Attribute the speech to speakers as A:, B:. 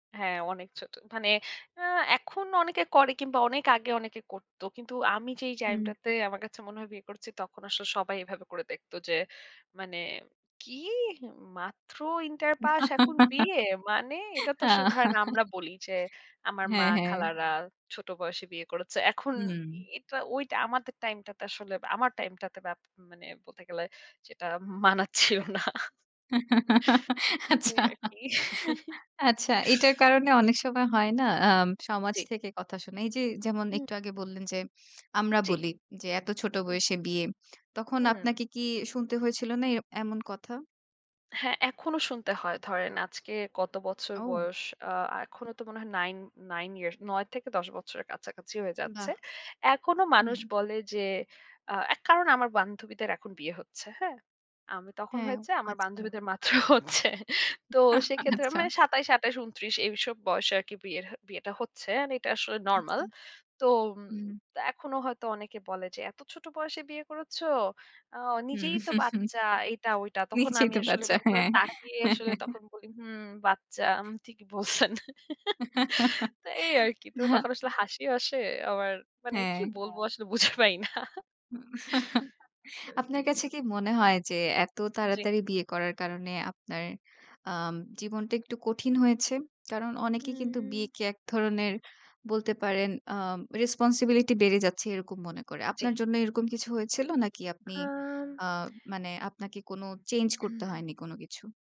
A: হ্যাঁ, অনেক ছোট। মানে আ এখন অনেকে করে কিংবা অনেক আগে অনেকে করত। কিন্তু আমি যেই
B: হুম।
A: টাইমটাতে আমার কাছে মনে হয় বিয়ে করছি, তখন আসলে সবাই এভাবে করে দেখতো যে মানে কি মাত্র ইন্টার পাস এখন বিয়ে! মানে? এটা তো আসলে ধরেন আমরা বলি যে আমার মা
B: হ্যাঁ, হ্যাঁ।
A: খালারা ছোট বয়সে বিয়ে করেছে। এখন
B: হুম।
A: এটা ওইটা আমাদের টাইমটাতে আসলে আমার টাইমটাতে মানে বলতে গেলে সেটা মানাচ্ছেও না। এই
B: আচ্ছা।
A: আর কি।
B: আচ্ছা এটার কারণে
A: জি।
B: অনেক সময় হয় না আ সমাজ
A: জি।
B: থেকে কথা শোনা। এই যে যেমন
A: হু।
B: একটু আগে বললেন যে আমরা
A: জি।
B: বলি যে এত ছোট
A: হু।
B: বয়সে বিয়ে। তখন
A: হুম।
B: আপনাকে কি শুনতে হয়েছিল না এমন কথা?
A: হ্যাঁ, এখনো শুনতে হয়। ধরেন আজকে কত বছর
B: ও!
A: বয়স। আ এখনো তো মনে হয় 9 9 years ৯ থেকে ১০ বছরের কাছাকাছি হয়ে যাচ্ছে।
B: বাহ!
A: এখনো
B: হুম।
A: মানুষ বলে যে অ্যা এক কারণ আমার বান্ধবীদের এখন বিয়ে হচ্ছে। হ্যাঁ? আমি তখন
B: হ্যাঁ
A: হয়েছে আমার
B: আচ্ছা।
A: বান্ধবীদের মাত্র হচ্ছে। তো সেক্ষেত্রে
B: আচ্ছা।
A: মানে ২৭, ২৮, ২৯, এইসব বয়সে আরকি বিয়ে বিয়েটা হচ্ছে। এটা আসলে নরমাল।
B: আচ্ছা।
A: তো
B: হুম।
A: এখনো হয়তো অনেকে বলে যে, "এত ছোট বয়সে বিয়ে করেছ? অ নিজেই
B: হুম।
A: তো বাচ্চা" এইটা ওইটা। তখন
B: নিজেই
A: আমি
B: তো
A: আসলে
B: বাচ্চা
A: এরকম করে
B: হ্যাঁ।
A: তাকিয়ে আসলে বলি হুম বাচ্চা ঠিকই বলছেন। তো এই আরকি। তো তখন আসলে হাসিও আসে। আবার মানে কি
B: হ্যাঁ।
A: বলবো আসলে বুঝে পাই না।
B: হুম।
A: আরকি।
B: আপনার কাছে কি মনে হয় যে এত
A: জি।
B: তাড়াতাড়ি বিয়ে করার কারণে আপনার আ জীবনটা একটু কঠিন হয়েছে। কারণ অনেকেই কিন্তু
A: হুম।
B: বিয়েকে এক ধরনের বলতে পারেন আ রেসপনসিবিলিটি বেড়ে যাচ্ছে এরকম মনে করে।
A: জি।
B: আপনার জন্য এরকম কিছু হয়েছিল নাকি আপনি
A: আম
B: আ মানে আপনাকে কোনো চেঞ্জ করতে হয়নি কোন কিছু?